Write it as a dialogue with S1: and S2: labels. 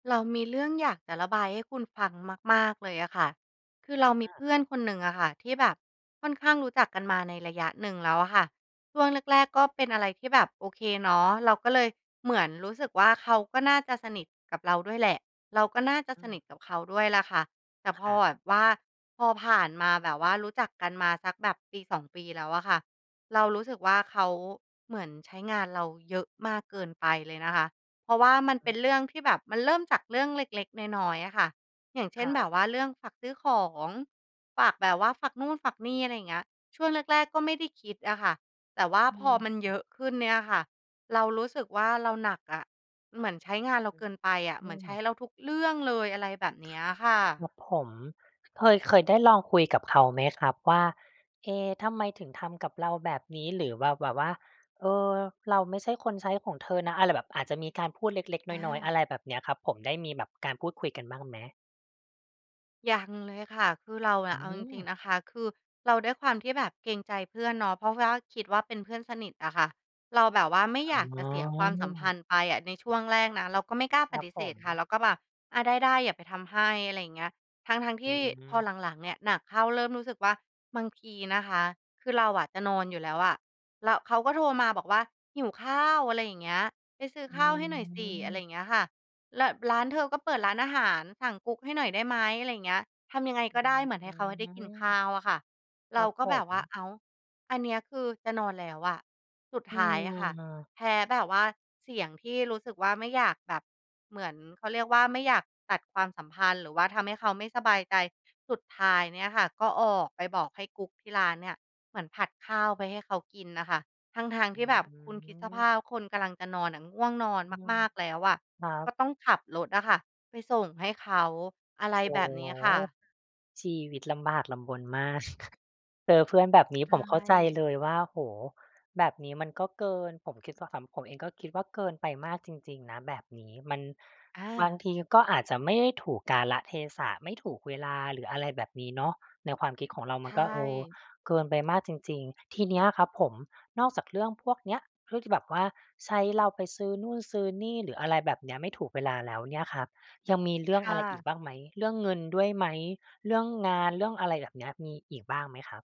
S1: เรามีเรื่องอยากจะระบายให้คุณฟังมาก ๆ เลยอะค่ะ คือเราม
S2: อ
S1: ี
S2: อา
S1: เพื่
S2: ค
S1: อ
S2: ร
S1: น
S2: ับ
S1: คนหนึ่งอะค่ะ ที่แบบค่อนข้างรู้จักกันมาในระยะหนึ่งแล้วอะค่ะ ช่วงแรก ๆ ก็เป็นอะไรที่แบบโอเคเนาะ เราก็เลยเหมือนรู้สึกว่าเขาก็น่าจะสนิทกับเราด้วยแหละ เราก็น่าจะ
S2: อื
S1: ส
S2: อฮ
S1: นิ
S2: ึ
S1: ทกับเขาด้วยแหละค่ะ แต่
S2: ค
S1: พอ
S2: รับ
S1: แบบว่า พอผ่านมาแบบว่ารู้จักกันมาสักแบบปี 2 ปีแล้วอะค่ะ เรารู้สึกว่าเขาเหมือนใช้งานเราเยอะมากเกินไปเลยนะคะ เพราะว่ามันเป็
S2: อือ
S1: นเรื่องที่แบบ มันเริ่มจากเรื่องเล็ก ๆ น้อย ๆ อะค่ะ อย่างเช
S2: ค
S1: ่น
S2: รั
S1: แบ
S2: บ
S1: บว่าเรื่องฝากซื้อของ ฝากแบบว่าฝากนู่น ฝากนี่ อะไรอย่างเงี้ย ช่วงแรก ๆ ก็ไม่ได้คิดอะค่ะ แต่ว่า
S2: อื
S1: พอ
S2: ม
S1: มันเยอะขึ้นเนี่ยอะค่ะ เรารู้สึกว่าเราหนักอะ เหมือนใช้งานเรา
S2: อื
S1: เก
S2: อ
S1: ินไปอะ
S2: อ
S1: เหม
S2: ื
S1: ือนใช้
S2: อ
S1: เราทุกเรื่องเลย อะไรแบบเนี้ยอะค่ะ
S2: ครับผม เคย เคยได้ลองคุยกับเขาไหมครับว่า "เอ๊ะ ทำไมถึงทำกับเราแบบนี้?" หรือแบบ แบบว่า "เออ เราไม่ใช่คนใช้ของเธอนะ" อะไรแบบ อาจจะมีการพูดเล็ก ๆ
S1: อ
S2: น้อย ๆ อะ
S1: า
S2: ไรแบบเนี้ยครับผม ได้มีการพูดคุยกันบ้างไหม?
S1: ยังเลยค่ะ คือเราอ
S2: อื
S1: ะเอาจริ
S2: ม
S1: ง ๆ นะคะ คือเราด้วยความที่แบบเกรงใจเพื่อนเนาะ เพราะว่าคิดว่าเป็นเพื่อนสนิทอะค่ะ เราแบบว่าไม่
S2: อ
S1: อยากจ
S2: ๋
S1: ะเสียความสัมพั
S2: อ
S1: นธ์ไปอะ ในช่วงแรกนะเราก็ไม่กล้า
S2: ค
S1: ป
S2: รั
S1: ฏ
S2: บ
S1: ิเ
S2: ผ
S1: สธ
S2: ม
S1: ค่ะ เราก็แบบ "อา ได้ ๆ เดี๋ยวไปทำให้" อะไรอย่างเงี้ย ทั้ง ๆ ท
S2: อื
S1: ี่พอ
S2: ม
S1: หลัง ๆ เนี่ยหนักเข้า เริ่มรู้สึกว่าบางทีนะคะ คือเราอะจะนอนอยู่แล้วอะ แล้วเขาก็โทรมาบอกว่า "หิวข้าว" อะไรอย่างเงี้ย "ไปซื้อ
S2: อื
S1: ข้าวให้หน่อยสิ" อะไรอ
S2: ม
S1: ย่างเงี้ยค่ะ "แล้วร้าน เธอก็เปิดร้านอาหาร สั่งกุ๊กให้หน่อยได้ไหม?" อะไรอย่างเงี้ย ทำยังไง
S2: อ
S1: ก็
S2: ื
S1: ได้เหมือนให้เขาให้ได้กินข้
S2: ม
S1: าวอะค่ะ
S2: ค
S1: เร
S2: ร
S1: า
S2: ับ
S1: ก็
S2: ผ
S1: แบบว่า
S2: ม
S1: "อ้าว อันเนี้ยคือจะนอนแล้วอะ" สุด
S2: อื
S1: ท้ายอะค่ะ
S2: ม
S1: แพ้แบบว่าเสียงที่รู้สึกว่าไม่อยากแบบเหมือน เขาเรียกว่าไม่อยากตัดความสัมพันธ์หรือว่าทำให้เขาไม่สบายใจ สุดท้ายเนี่ยค่ะ ก็ออกไปบอกให้กุ๊กที่ร้านเนี่ยเหมือนผัดข้าวไปให้เขากินน่ะค่ะ ทั้ง ๆ
S2: อ
S1: ท
S2: ื
S1: ี่แบบคุณคิดสภ
S2: ม
S1: าพคนกำลังจะนอนอะ ง่วงนอน
S2: อื
S1: ม
S2: ม
S1: าก ๆ แล้วอะ
S2: ครับ
S1: ก็ต้องขับรถอะค่ะไปส่งให้เขา อะไร
S2: โอ
S1: แ
S2: ้
S1: บ
S2: โฮ
S1: บเนี้ยค่ะ
S2: ชีวิตลำบากลำบนมาก เจอเพื่อนแบบนี้
S1: ใช
S2: ผมเข้าใจ
S1: ่
S2: เลยว่า โอ้โฮ แบบนี้มันก็เกิน ผมคิดว่าขำ ผมเองก็คิดว่าเกินไปมากจริง ๆ นะแบบนี้ มัน
S1: อ
S2: บาง
S1: า
S2: ทีก็อาจจะไม่ได้ถูกกาลเทศะ ไม่ถูกเวลา หรืออะไรแบบนี้เนาะ ในความคิดของเรา
S1: ใ
S2: มั
S1: ช
S2: นก็ เออ
S1: ่
S2: เกินไปมากจริง ๆ ทีเนี้ยครับผม นอกจากเรื่องพวกเนี้ย เรื่องที่แบบว่าใช้เราไปซื้อนู่นซื้อนี่ หรืออะไรแบบเนี้ย ไม่ถูกเวลาแล้วเนี่ยครับ ยังมีเรื่
S1: ค
S2: องอ
S1: ่
S2: ะไรอี
S1: ะ
S2: กบ้างไหม เรื่องเงินด้วยไหม เรื่องงาน เรื่องอะไรแบบเนี้ย มีอีกบ้างไหมครับ?